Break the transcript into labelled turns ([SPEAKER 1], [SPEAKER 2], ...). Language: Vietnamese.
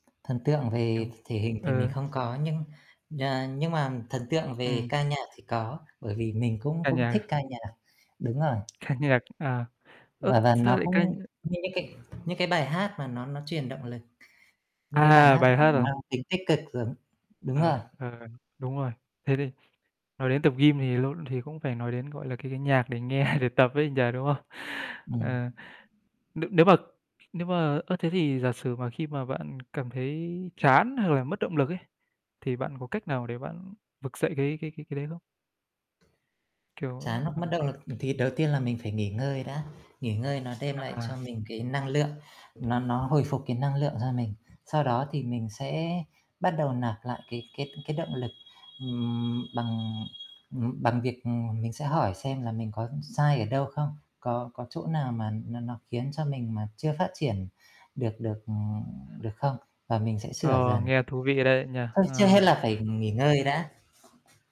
[SPEAKER 1] Thần tượng
[SPEAKER 2] Kiểu
[SPEAKER 1] về th thể hình thì mình
[SPEAKER 2] ừ.
[SPEAKER 1] không có, nhưng nh nhưng mà thần tượng về
[SPEAKER 2] Ừm.
[SPEAKER 1] ca nhạc thì có. Bởi vì mình cũng
[SPEAKER 2] Ca
[SPEAKER 1] cũng
[SPEAKER 2] nhạc
[SPEAKER 1] thích
[SPEAKER 2] à?
[SPEAKER 1] ca nhạc. Đúng rồi.
[SPEAKER 2] Ca nhạc. À. Ơ,
[SPEAKER 1] Và và
[SPEAKER 2] sao
[SPEAKER 1] nó
[SPEAKER 2] lại ca nh
[SPEAKER 1] cũng
[SPEAKER 2] ờ.
[SPEAKER 1] như những cái những cái bài hát mà nó nó truyền động lực. Những cái bài
[SPEAKER 2] À!
[SPEAKER 1] hát
[SPEAKER 2] Bài
[SPEAKER 1] mà
[SPEAKER 2] hát à?
[SPEAKER 1] mang tính tích cực giống đúng rồi.
[SPEAKER 2] À, ừ, đúng rồi. Thế thì nói đến tập gym thì lộn thì cũng phải nói đến, gọi là, cái cái nhạc để nghe để tập ấy nhỉ, đúng không?
[SPEAKER 1] Ừm.
[SPEAKER 2] Ờ. Nếu nếu mà nếu mà ơ, thế thì giả sử mà khi mà bạn cảm thấy chán hoặc là mất động lực ấy, thì bạn có cách nào để bạn vực dậy cái cái cái cái đấy không?
[SPEAKER 1] Chán
[SPEAKER 2] Kiểu
[SPEAKER 1] hoặc
[SPEAKER 2] ờ.
[SPEAKER 1] mất động lực, thì đầu tiên là mình phải nghỉ ngơi đã, nghỉ ngơi nó đem lại cho
[SPEAKER 2] À!
[SPEAKER 1] mình cái năng lượng, nó nó hồi phục cái năng lượng cho mình. Sau đó thì mình sẽ bắt đầu nạp lại cái cái cái động lực, ừm, bằng, ừm, bằng việc, ừm, mình sẽ hỏi xem là mình có sai ở đâu không, có có chỗ nào mà nó nó khiến cho mình mà chưa phát triển được được, ừ,
[SPEAKER 2] À.
[SPEAKER 1] được không, và mình sẽ sửa
[SPEAKER 2] Ờ,
[SPEAKER 1] dần.
[SPEAKER 2] nghe thú vị đấy nhỉ!
[SPEAKER 1] Thôi, trước hết
[SPEAKER 2] Ờ.
[SPEAKER 1] là phải nghỉ ngơi đã.